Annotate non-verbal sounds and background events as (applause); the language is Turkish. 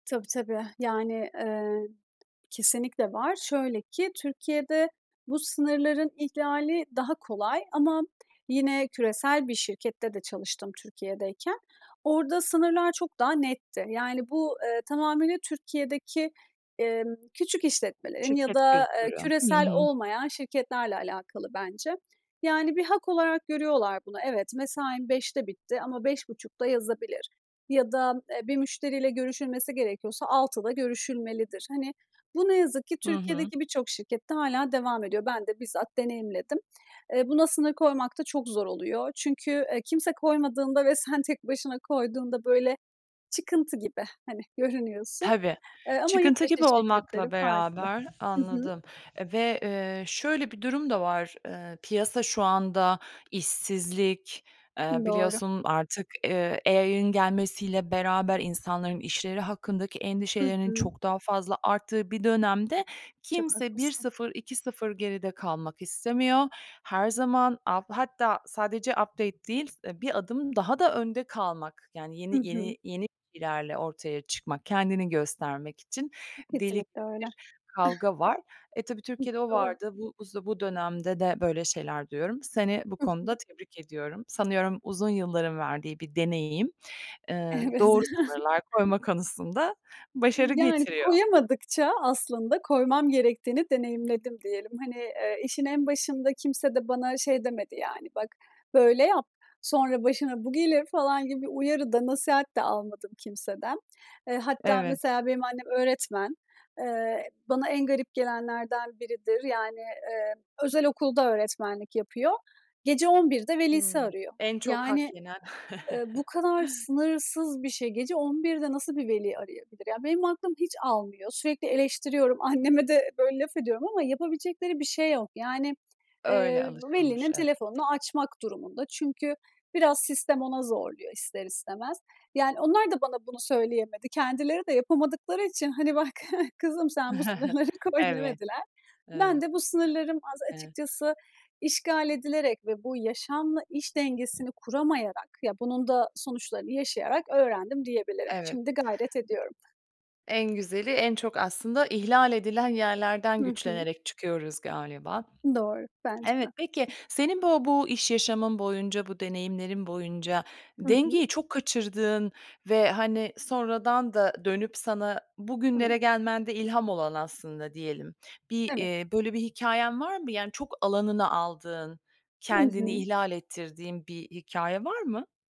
Tabii, tabii. Yani, ııı, kesinlikle var. Şöyle ki: Türkiye'de bu sınırların ihlali daha kolay ama yine küresel bir şirkette de çalıştım Türkiye'deyken, orada sınırlar çok daha netti. Yani, bu, ııı, tamamıyla Türkiye'deki, emm, küçük işletmelerin ya Şirket da kültürü. Hı küresel hı. olmayan şirketlerle alakalı bence. Yani bir hak olarak görüyorlar bunu. "Evet, mesaim 17.00'de bitti ama 17.30'da yazabilir." ya da "E, bir müşteriyle görüşülmesi gerekiyorsa 18.00'da görüşülmelidir." Hani, bu, ne yazık ki Hı hı. Türkiye'deki birçok şirkette hâlâ devam ediyor. Ben de bizzat deneyimledim. Eee, buna sınır koymak da çok zor oluyor çünkü, eee, kimse koymadığında ve sen tek başına koyduğunda böyle "çıkıntı gibi," hani, görünüyorsun. Tabii, Eee, ama yurt çıkıntı dışı gibi şirketleri olmakla farklı. beraber Hı hı. Anladım ve, eee, şöyle bir durum da var: Iıı, piyasa şu anda işsizlik, ııı, Doğru. biliyorsun artık, eee, AI gelmesiyle beraber insanların işleri hakkındaki Hı endişelerinin hı. çok daha fazla arttığı bir dönemde Çok kimse bir haklısın. sıfır iki sıfır geride kalmak istemiyor. Her zaman alt hatta sadece update değil, s bir adım daha da önde kalmak, yani Hı yeni hı. yeni yeni bilgilerle ortaya çıkmak, kendini göstermek için I deli Kesinlikle öyle. (chuckles) bir kavga var. E, tabii, Türkiye'de o Hıh, doğru. vardı. Bu bu z dönemde de böyle şeyler duyuyorum. Seni bu Hı hı. konuda tebrik ediyorum. Sanıyorum uzun yılların verdiği bir deneyim, ııı, Evet. doğru (chuckles) sınırlar koyma konusunda başarı Iıı, yani, getiriyor. koyamadıkça aslında koymam gerektiğini deneyimledim, diyelim. Hani, ııı, işin en başında kimse de bana şey demedi yani: "Bak, böyle yap; sonra başına bu gelir." falan gibi bir uyarı da, nasihat de almadım kimseden. Eee, hatta Evet. mesela benim annem öğretmen. Eee, bana en garip gelenlerden biridir. Yani, eee, özel okulda öğretmenlik yapıyor, gece 23.00'de velisi Hıı, arıyor. en çok hak Yani, yenen ııı, bu (chuckles) kadar sınırsız bir şey. Gece 23.00'de nasıl bir veli arayabilir? Ya, benim aklım hiç almıyor! Sürekli eleştiriyorum, anneme de, böyle, laf ediyorum ama yapabilecekleri bir şey yok. Yani, eee, Öyle alışılmış, velinin evet. telefonunu açmak durumunda çünkü biraz sistem ona zorluyor, ister istemez. Yani onlar da bana bunu söyleyemedi. Kendileri de yapamadıkları için, hani, "Bak kızım, sen bu (chuckles) sınırları koy." Evet, demediler. Ben evet. de bu sınırlarım az Hıı. açıkçası, işgal edilerek ve bu yaşamla iş dengesini kuramayarak, ya, bunun da sonuçlarını yaşayarak öğrendim diyebilirim. Evet. Iıı Şimdi gayret ediyorum. En güzeli, en çok, aslında, ihlal edilen yerlerden Hı hı. güçlenerek çıkıyoruz galiba. Doğru, bence de. Evet. Peki senin bu bu iş yaşamın boyunca, bu deneyimlerin boyunca Hı hı. dengeyi çok kaçırdığın ve, hani, sonradan da dönüp sana bugünlere Hıı. gelmende ilham olan, aslında, diyelim; bir, Evet. eee, böyle bir hikâyen var mı? Yani çok alanına aldığın, Hı kendini hı. ihlal ettirdiğin bir hikâye var mı?